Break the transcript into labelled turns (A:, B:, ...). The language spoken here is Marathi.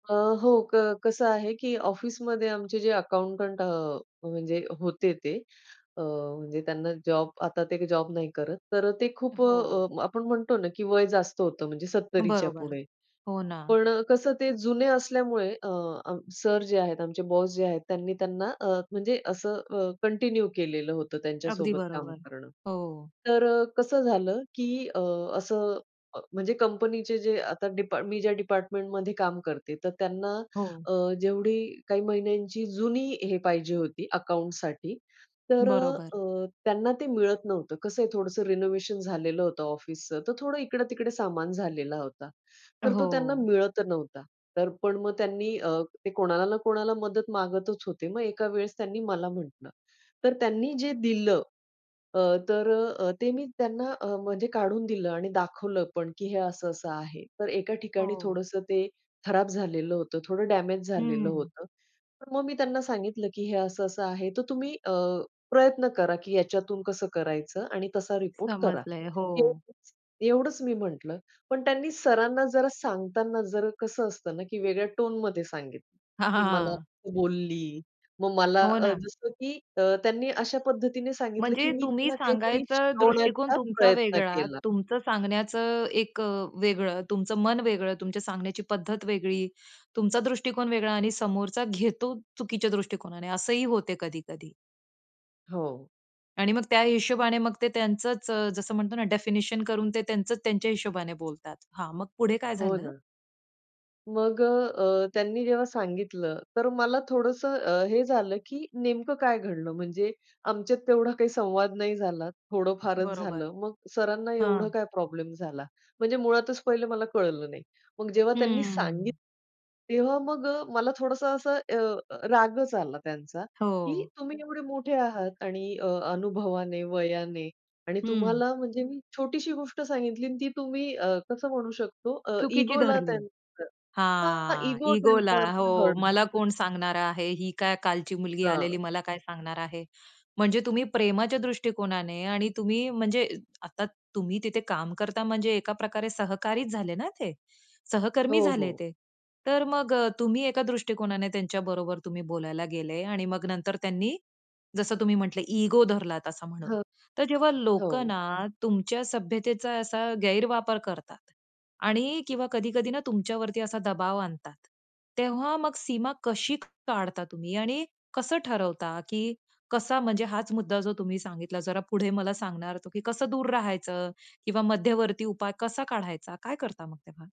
A: अ, हो, क कसं आहे, की ऑफिसमध्ये आमचे जे अकाऊंटंट अ, म्हणजे होते ते. अ, म्हणजे त्यांना जॉब, आता ते जॉब नाही करत. तर ते खूप
B: हो.
A: अ, आपण म्हणतो ना, की वय जास्त होतं, म्हणजे सत्तरीच्या
B: बरोबर,
A: पुढे.
B: हो ना.
A: पण कसं, ते जुने असल्यामुळे अ, सर जे आहेत आमचे, बॉस जे आहेत, त्यांनी त्यांना अ, म्हणजे असं अ, कंटिन्यू केलेलं होतं
B: अगदी
A: त्यांच्यासोबत काम
B: बरोबर.
A: करणं.
B: हो.
A: तर अ, कसं झालं, की अ, असं म्हणजे कंपनीचे जे आता डिपा मी ज्या डिपार्टमेंटमध्ये काम करते, तर त्यांना
B: हो.
A: अ, जेवढी काही महिन्यांची जुनी हे पाहिजे होती अकाउंटसाठी, तर अ,
B: बरोबर.
A: अ, त्यांना ते मिळत नव्हतं. कसं आहे, थोडंसं रिनोव्हेशन झालेलं होतं ऑफिसचं, तर थोडं इकडे-तिकडे सामान झालेला होता. तर तो त्यांना
B: हो.
A: मिळत नव्हता, तर पण मग त्यांनी अ, ते कोणाला ना कोणाला मदत मागतच होते. मग एका वेळेस त्यांनी मला म्हटलं, तर त्यांनी जे दिलं अ, तर अ, अ, ते मी त्यांना अ, म्हणजे काढून दिलं आणि दाखवलं पण, की हे असं असं आहे. तर एका ठिकाणी
B: हो.
A: थोडंसं ते खराब झालेलं होतं, थोडं डॅमेज झालेलं
B: हं.
A: होतं. मग मी त्यांना सांगितलं, की हे असं असं आहे, तर तुम्ही अ, प्रयत्न करा, की याच्यातून कसं करायचं आणि तसा रिपोर्ट करा.
B: समजलंय, हो.
A: एवढंच एवढंच मी म्हटलं. पण त्यांनी सरांना जरा सांगताना जरा कसं असतं ना, की वेगळ्या टोनमध्ये सांगितलं,
B: हां,
A: की
B: हां,
A: मला
B: हां.
A: बोलली. मग मला
B: हो
A: अ,
B: ना.
A: जसं की अ, त्यांनी अशा पद्धतीने सांगितलं, की
B: म्हणजे
A: मी
B: तुम्ही
A: त्यांना काहीतरी
B: सांगायचा दृष्टिकोन
A: शिकवण्याचा
B: तुमचा
A: प्रयत्न
B: वेगळा,
A: केला.
B: तुमचं सांगण्याचं एक अ, वेगळं, तुमचं मन वेगळं, तुमच्या सांगण्याची पद्धत वेगळी, तुमचा दृष्टिकोन वेगळा आणि समोरचा घेतो चुकीच्या दृष्टिकोनाने. असंही होते कधी-कधी.
A: हो.
B: आणि मग त्या हिशोबाने मग ते त्यांचंच अ, जसं म्हणतो ना, डेफिनेशन करून ते त्यांचंच त्यांच्या हिशोबाने बोलतात. हां, मग पुढे काय
A: हो
B: झालं?
A: ना. मग अ, अ, त्यांनी जेव्हा सांगितलं, तर मला थोडंसं अ, हे झालं, की नेमकं काय घडलं. म्हणजे आमच्यात तेवढा काही संवाद नाही झाला, थोडं फारच
B: बरोबर.
A: झालं. मग सरांना एवढं
B: हां.
A: काय प्रॉब्लेम झाला, म्हणजे मुळातच पहिले मला कळलं नाही. मग जेव्हा त्यांनी
B: हं.
A: सांगितलं, तेव्हा मग अ, मला थोडंसं असं अ, रागच आला त्यांचा, की
B: हो.
A: तुम्ही एवढे मोठे आहात आणि अ, अनुभवाने, वयाने आणि
B: हं.
A: तुम्हाला म्हणजे मी छोटीशी गोष्ट सांगितली आणि ती तुम्ही अ, कसं म्हणू शकतो अ,
B: चुकीची
A: इगोला
B: धरली.
A: त्यांचं हां,
B: हां.
A: इगो त्यांचा
B: इगोला
A: हर्ट
B: हो,
A: झाला.
B: मला कोण सांगणार आहे, ही काय कालची मुलगी
A: हां.
B: आलेली मला काय सांगणार आहे. म्हणजे तुम्ही प्रेमाच्या दृष्टिकोनाने आणि तुम्ही म्हणजे आता तुम्ही तिथे काम करता, म्हणजे एका प्रकारे सहकारीच झाले ना ते, सहकर्मी
A: हो,
B: झाले
A: हो.
B: ते. तर मग अ, तुम्ही एका दृष्टिकोनाने त्यांच्या बरोबर तुम्ही बोलायला गेले आणि मग नंतर त्यांनी, जसं तुम्ही म्हटले इगो धरलात, असं म्हणू.
A: हं.
B: तर जेव्हा लोकं
A: हो.
B: ना तुमच्या सभ्यतेचा असा गैरवापर करतात. आणि किंवा कधी-कधी ना तुमच्यावरती असा दबाव आणतात, तेव्हा मग सीमा कशी काढता तुम्ही आणि कसं ठरवता, की कसा म्हणजे हाच मुद्दा जो तुम्ही सांगितला, जरा पुढे मला सांगणार, की कसं दूर राहायचं किंवा मध्यवर्ती उपाय कसा काढायचा, काय करता मग तेव्हा?